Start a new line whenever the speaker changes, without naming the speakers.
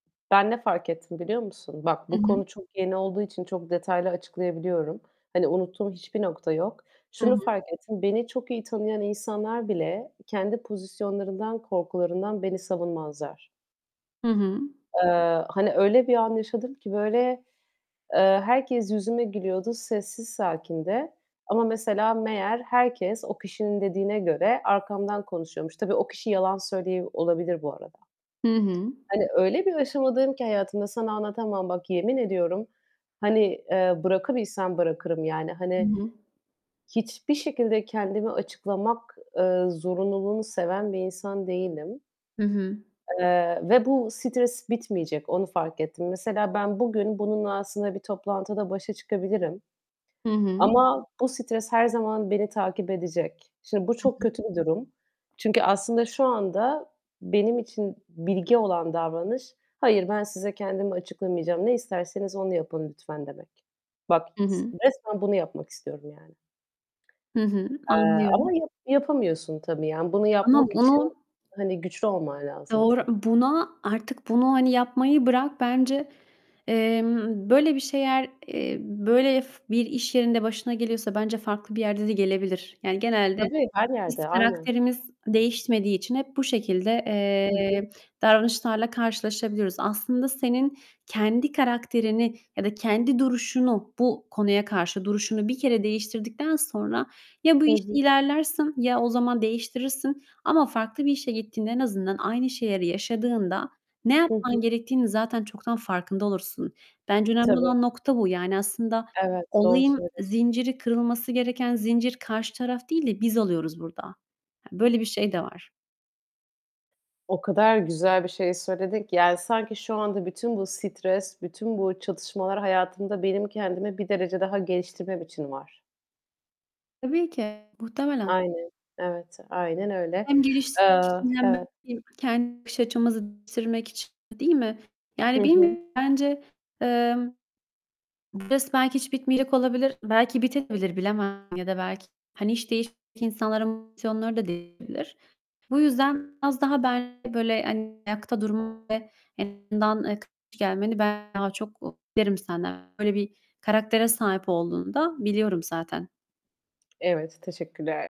Ben ne fark ettim biliyor musun? Bak
I
bu
hı.
konu çok yeni olduğu için çok detaylı açıklayabiliyorum. Hani, unuttuğum hiçbir nokta yok.
Hı
Şunu
hı.
fark ettim. Beni çok iyi tanıyan insanlar bile kendi pozisyonlarından, korkularından beni savunmazlar.
Hı hı.
Eee, hani, öyle bir an yaşadım ki böyle, eee, herkes yüzüme gülüyordu sessiz sakince. Ama mesela meğer herkes o kişinin dediğine göre arkamdan konuşuyormuş. Tabii, o kişi yalan söylüyor olabilir bu arada.
Hı hı.
Hani, öyle, bir aşamadayım ki hayatımda sana anlatamam. Bak, yemin ediyorum, hani, eee, bırakabilsem bırakırım, yani,
Hı
hani,
hı.
hiçbir şekilde kendimi açıklamak, eee, zorunluluğunu seven bir insan değilim.
Hı hı.
Eee, ve bu stres bitmeyecek, onu fark ettim. Mesela, ben bugün bununla aslında bir toplantıda başa çıkabilirim
Hı hı.
ama bu stres her zaman beni takip edecek. Şimdi bu
Hı
çok
hı.
kötü bir durum. Çünkü aslında şu anda benim için bilge olan davranış, "Hayır, ben size kendimi açıklamayacağım. Ne isterseniz onu yapın lütfen." demek. Bak
Hı
s
hı.
resmen bunu yapmak istiyorum yani.
Hı hı.
Eee, ama
Anlıyorum.
ya yapamıyorsun tabii. Yani bunu
Ama
yapmak için,
bunu
hani, güçlü olman lazım
Doğru.
çün
Buna artık bunu, hani, yapmayı bırak bence. Emm, böyle bir şeyler, eee, böyle, f bir iş yerinde başına geliyorsa bence farklı bir yerde de gelebilir. Yani genelde
Tabii, her
biz
yerde. Aynen.
karakterimiz değişmediği için hep bu şekilde,
Hı hı.
eee, davranışlarla karşılaşabiliyoruz. Aslında senin kendi karakterini ya da kendi duruşunu -bu konuya karşı duruşunu bir kere değiştirdikten sonra ya bu
Hı
işte
hı.
ilerlersin ya o zaman değiştirirsin ama farklı bir işe gittiğinde en azından aynı şeyleri yaşadığında ne
Hı
yapman
hı.
gerektiğinin zaten çoktan farkında olursun. Bence önemli
Tabii.
olan nokta bu. Yani aslında
Evet, doğru
olayın
söylüyorsun.
zinciri kırılması gereken zincir karşı taraf değil de biz oluyoruz burada. Hani, böyle bir şey de var.
O kadar güzel bir şey söyledin ki yani sanki şu anda bütün bu stres, bütün bu çatışmalar hayatımda benim kendimi bir derece daha geliştirmem için var.
Tabii ki. Muhtemelen.
Aynen. Evet, aynen öyle.
Hem geliş
Eee
[unintelligible] hem
Evet.
de [unintelligible] kendi bakış açımızı bitirmek için, değil mi?
Hı
Yani
hı.
bilmiyorum bence, eee, bu stres belki hiç bitmeyecek olabilir, belki bitebilir bilemem. Ya da belki, hani, iş değiştirmiş insanların motivasyonları da değişebilir. Bu yüzden biraz daha bence böyle, hani, ayakta durma ve en azından, eee, karşı gelmeni ben daha çok beklerim senden. Böyle bir karaktere sahip olduğunu da biliyorum zaten.
Evet, teşekkürler